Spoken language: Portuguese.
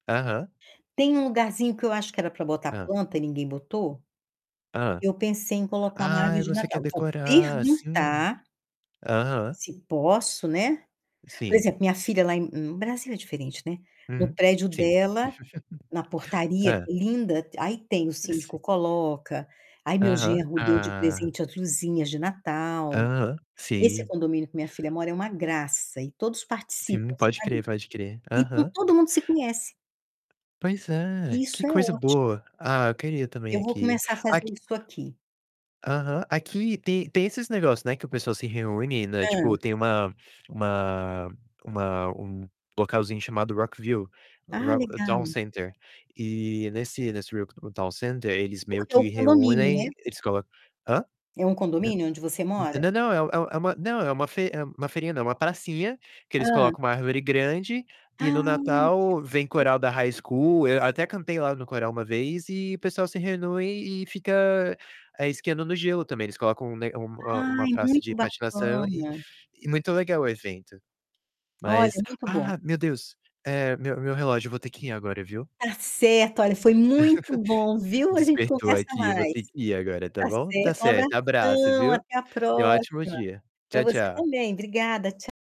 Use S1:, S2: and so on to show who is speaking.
S1: Aham.
S2: Tem um lugarzinho que eu acho que era pra botar
S1: Hã.
S2: planta e ninguém botou.
S1: Hã.
S2: Eu pensei em colocar uma
S1: Ah,
S2: árvore
S1: e
S2: de
S1: você quer
S2: Natal. Vou
S1: decorar, sim.
S2: perguntar
S1: Aham.
S2: se posso, né. Por
S1: Sim.
S2: exemplo, minha filha lá em Brasil é diferente, né. No
S1: Hum.
S2: prédio
S1: Sim,
S2: dela, na portaria,
S1: Hã.
S2: linda. Aí tem o síndico
S1: Esse
S2: coloca. Aí, meu
S1: Aham.
S2: genro deu de
S1: Ah.
S2: presente as luzinhas de Natal.
S1: Aham.
S2: Esse
S1: Sim.
S2: condomínio que minha filha mora é uma graça e todos participam,
S1: Sim, pode
S2: sabe?
S1: crer, pode crer.
S2: Então
S1: Aham.
S2: todo mundo se conhece.
S1: Pois é,
S2: Isso
S1: que
S2: é
S1: coisa
S2: óti
S1: boa. Ah, eu queria também
S2: Eu vou
S1: aqui.
S2: começar a fazer
S1: Aqui
S2: isso aqui.
S1: Aham. Aqui tem tem esses negócio, né, que o pessoal se reúne, né,
S2: Hã.
S1: tipo tem uma uma uma um localzinho chamado Rockville,
S2: Ah,
S1: Rock Dow
S2: legal.
S1: Center, e nesse nesse Rock Dow Center, eles meio
S2: Porque é o
S1: que
S2: condomínio,
S1: reúnem
S2: né.
S1: eles colocam Hã?
S2: É um
S1: Nã
S2: condomínio onde você mora?
S1: nã nã não, é um é uma não, é uma fe é uma feirinha não, é uma pracinha que eles
S2: Hã.
S1: colocam uma árvore grande e no
S2: Ai,
S1: Natal
S2: tipo os
S1: vem coral da High
S2: fe
S1: School. Eu até cantei lá no coral uma vez e o pessoal se reúne e fica, ah, esquiando no gelo também. Eles colocam um ne um, hã, uma
S2: Ai,
S1: praça
S2: muito
S1: de patinação e
S2: bacana.
S1: e muito legal o evento.
S2: Olha,
S1: Mas
S2: muito bom.
S1: Ah! Meu Deus, eh, meu meu relógio. Eu vou ter que ir agora, viu?
S2: Tá certo! Olha, foi muito bom, viu. A gente
S1: Despertou
S2: conversa
S1: aqui, eu vou
S2: mais.
S1: ter que ir agora, tá
S2: Tá
S1: bom? Tá
S2: certo, um
S1: certo, abraço,
S2: abração
S1: viu?
S2: até a
S1: Tenha um ótimo
S2: próxima!
S1: dia.
S2: Pra
S1: Tchau,
S2: você
S1: tchau.
S2: também. Obrigada, tcha